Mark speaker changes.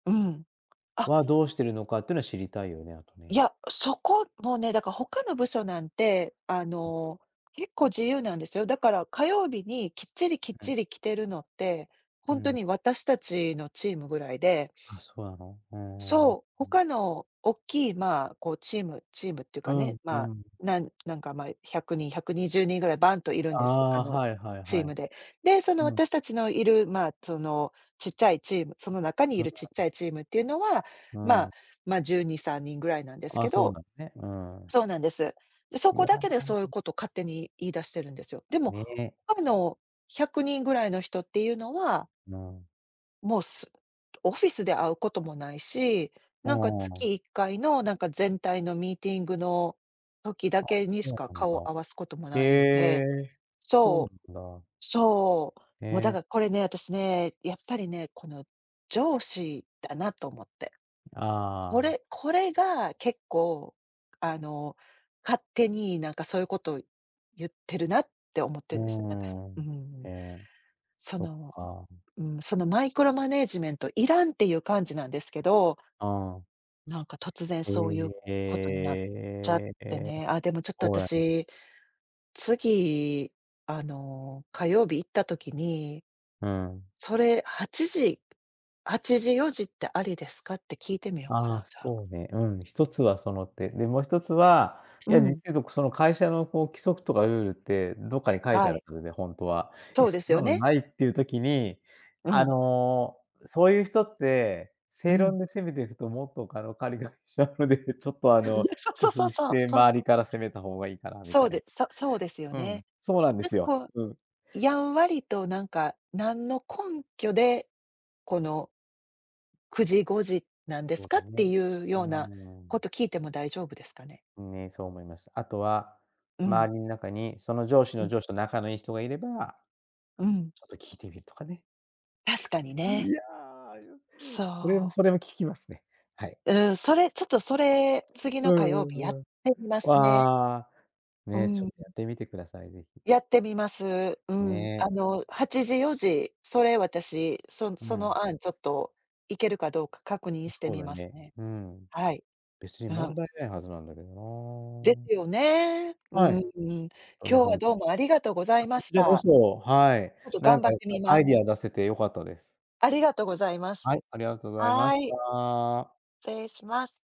Speaker 1: うん。
Speaker 2: は、
Speaker 1: あ
Speaker 2: どうしてるのかっていうのは知りたいよね、あと
Speaker 1: い
Speaker 2: ね。
Speaker 1: や、そこもね、だから他の部署なんて、あ
Speaker 2: うん。
Speaker 1: の、結構自由なんですよ。だから火曜日にきっちりきっち り着てるのって、
Speaker 2: う
Speaker 1: ほんと
Speaker 2: ん。
Speaker 1: に私たちのチームぐらいで
Speaker 2: あ、そうなの？おおお、
Speaker 1: そう、
Speaker 2: うん。
Speaker 1: 他の大きいまあ、こうチームチームってゆう
Speaker 2: う
Speaker 1: かね、
Speaker 2: んう
Speaker 1: まあ、
Speaker 2: ん。
Speaker 1: なんなんかまい100人、120人ぐらいバンといるん
Speaker 2: あ
Speaker 1: です、あ
Speaker 2: あ、
Speaker 1: の、
Speaker 2: はいはい
Speaker 1: チー
Speaker 2: はい。
Speaker 1: ムで。で、その
Speaker 2: うん。
Speaker 1: 私たちのいるまあ、そのちっちゃいチーム、その中にい
Speaker 2: うん。
Speaker 1: るちっちゃいチームっていうのは、
Speaker 2: う
Speaker 1: まあ、
Speaker 2: ん。
Speaker 1: ま、12、3人ぐらいなんです
Speaker 2: あ
Speaker 1: け
Speaker 2: あ、そう
Speaker 1: ど
Speaker 2: だね。うん。
Speaker 1: そうなんです。で、そ
Speaker 2: い
Speaker 1: こ
Speaker 2: や
Speaker 1: だけでそういうこと勝手に言い出してるんですよ。でも、
Speaker 2: ね。
Speaker 1: かむの100人ぐらいの人っていうのは
Speaker 2: うん。
Speaker 1: もうすオフィスで会うこともないし、
Speaker 2: あ
Speaker 1: なんかつ
Speaker 2: あ。
Speaker 1: きいっかいの、なんか全体のミーティングの時だ
Speaker 2: あ、
Speaker 1: け
Speaker 2: そ
Speaker 1: にしか
Speaker 2: うなん
Speaker 1: 顔
Speaker 2: だ。
Speaker 1: を合わすことも
Speaker 2: へ
Speaker 1: ないんで
Speaker 2: え、そうな
Speaker 1: そう、
Speaker 2: んだ。
Speaker 1: そう、も、だ
Speaker 2: え。
Speaker 1: からこれね、私ね、やっぱりね、この上司だなと思って。
Speaker 2: ん、あ
Speaker 1: こ
Speaker 2: あ。
Speaker 1: れこれが結構あの勝手になんかそういうことをゆってるなって思ってるですね、なんか、す
Speaker 2: う
Speaker 1: うー
Speaker 2: ん。
Speaker 1: ん。
Speaker 2: へえ。
Speaker 1: そ
Speaker 2: そっ
Speaker 1: の、
Speaker 2: か。ん。
Speaker 1: ううん、そのマイクロマネージメントいらんっていう感じなんですけど
Speaker 2: ああ。
Speaker 1: なんか突然
Speaker 2: え
Speaker 1: そういうことになっちゃっ
Speaker 2: え、
Speaker 1: て
Speaker 2: え、
Speaker 1: ね、あ、でもちょっと
Speaker 2: そうなの。
Speaker 1: 私、次、あの、火曜日行った時に
Speaker 2: うん。
Speaker 1: 「それ8時-8時4時ってありですか？」って聞いてみようか
Speaker 2: あ
Speaker 1: な、
Speaker 2: あ、
Speaker 1: じゃあ。
Speaker 2: そうね、うん、1つはその手。で、も1つは、
Speaker 1: う
Speaker 2: いや実は
Speaker 1: ん。
Speaker 2: 言うと、くその会社のこう規則とかルールってどっかに書いて
Speaker 1: は
Speaker 2: ある
Speaker 1: い。
Speaker 2: はずで、ほんとは。い
Speaker 1: そ
Speaker 2: や、
Speaker 1: う
Speaker 2: そ
Speaker 1: です
Speaker 2: ん
Speaker 1: よ
Speaker 2: なの
Speaker 1: ね。
Speaker 2: ないっていう時に、
Speaker 1: う
Speaker 2: あ
Speaker 1: ん。
Speaker 2: の、うそういう人って、
Speaker 1: う
Speaker 2: 正
Speaker 1: ん。
Speaker 2: 論で攻めていくともっとかろかりがりしちゃうので、ちょっとあの
Speaker 1: そうそ
Speaker 2: 工
Speaker 1: うそう
Speaker 2: 夫し
Speaker 1: そう、
Speaker 2: て
Speaker 1: そう
Speaker 2: 周
Speaker 1: そ
Speaker 2: り
Speaker 1: う。
Speaker 2: から攻めた方がいいかなみ
Speaker 1: そ
Speaker 2: た
Speaker 1: う
Speaker 2: い
Speaker 1: でそそうですよ
Speaker 2: な。うん、
Speaker 1: ね。
Speaker 2: そうなんで
Speaker 1: なん
Speaker 2: す
Speaker 1: か
Speaker 2: よ。
Speaker 1: こう、
Speaker 2: うん。
Speaker 1: やんわりとなんか「何の根拠でこの」「9時5時なんで
Speaker 2: そ
Speaker 1: す
Speaker 2: う
Speaker 1: か？」
Speaker 2: だ
Speaker 1: って
Speaker 2: ね。
Speaker 1: いう
Speaker 2: う
Speaker 1: よう
Speaker 2: ー
Speaker 1: なこ
Speaker 2: ん。
Speaker 1: と聞いても大丈夫ですかね？
Speaker 2: ん、ね、そう思いました。あとは、
Speaker 1: うん。
Speaker 2: 周りに中にその上司
Speaker 1: う
Speaker 2: の
Speaker 1: ん。
Speaker 2: 上司と仲のいい人がいれば、
Speaker 1: うん。
Speaker 2: ちょっと聞いてみるとかね。
Speaker 1: 確かに
Speaker 2: え、い
Speaker 1: ね。
Speaker 2: や、ようれよん
Speaker 1: そう。
Speaker 2: それも聞きますね、はい。
Speaker 1: うん、それちょっとそれ、次
Speaker 2: う
Speaker 1: の火
Speaker 2: ん
Speaker 1: 曜
Speaker 2: う
Speaker 1: 日やっ
Speaker 2: んうん。
Speaker 1: てみますね。
Speaker 2: ああ、
Speaker 1: う
Speaker 2: ね、ちょ
Speaker 1: ん。
Speaker 2: っとやってみてください、是非。
Speaker 1: やってみます。うん、
Speaker 2: ね。
Speaker 1: あの8時4時、それ私、そん
Speaker 2: う
Speaker 1: そ
Speaker 2: ん。
Speaker 1: の案ちょっと行けるかどうか確認
Speaker 2: う
Speaker 1: して
Speaker 2: そう
Speaker 1: み
Speaker 2: だ
Speaker 1: ます
Speaker 2: ね、
Speaker 1: ね。
Speaker 2: うん。
Speaker 1: はい。
Speaker 2: 別に
Speaker 1: あ、う
Speaker 2: 問
Speaker 1: ん。
Speaker 2: 題ないはずなんだけど
Speaker 1: で
Speaker 2: な。
Speaker 1: すよね。う
Speaker 2: は
Speaker 1: ん。
Speaker 2: い。
Speaker 1: 今
Speaker 2: と
Speaker 1: 日
Speaker 2: ね、ほ
Speaker 1: は
Speaker 2: んとに。
Speaker 1: どうもありがとうござ
Speaker 2: あ、
Speaker 1: い
Speaker 2: こ
Speaker 1: ま
Speaker 2: ち
Speaker 1: し
Speaker 2: らこ
Speaker 1: た。
Speaker 2: そ、はい、
Speaker 1: ちょっと
Speaker 2: なん
Speaker 1: 頑張っ
Speaker 2: かいっ
Speaker 1: て
Speaker 2: ぱ
Speaker 1: みま
Speaker 2: ア
Speaker 1: す。
Speaker 2: イディア出せて良かったです。
Speaker 1: ありがとうございます。
Speaker 2: はい、ありがとうございま
Speaker 1: は
Speaker 2: し
Speaker 1: い。
Speaker 2: た。
Speaker 1: つれいします。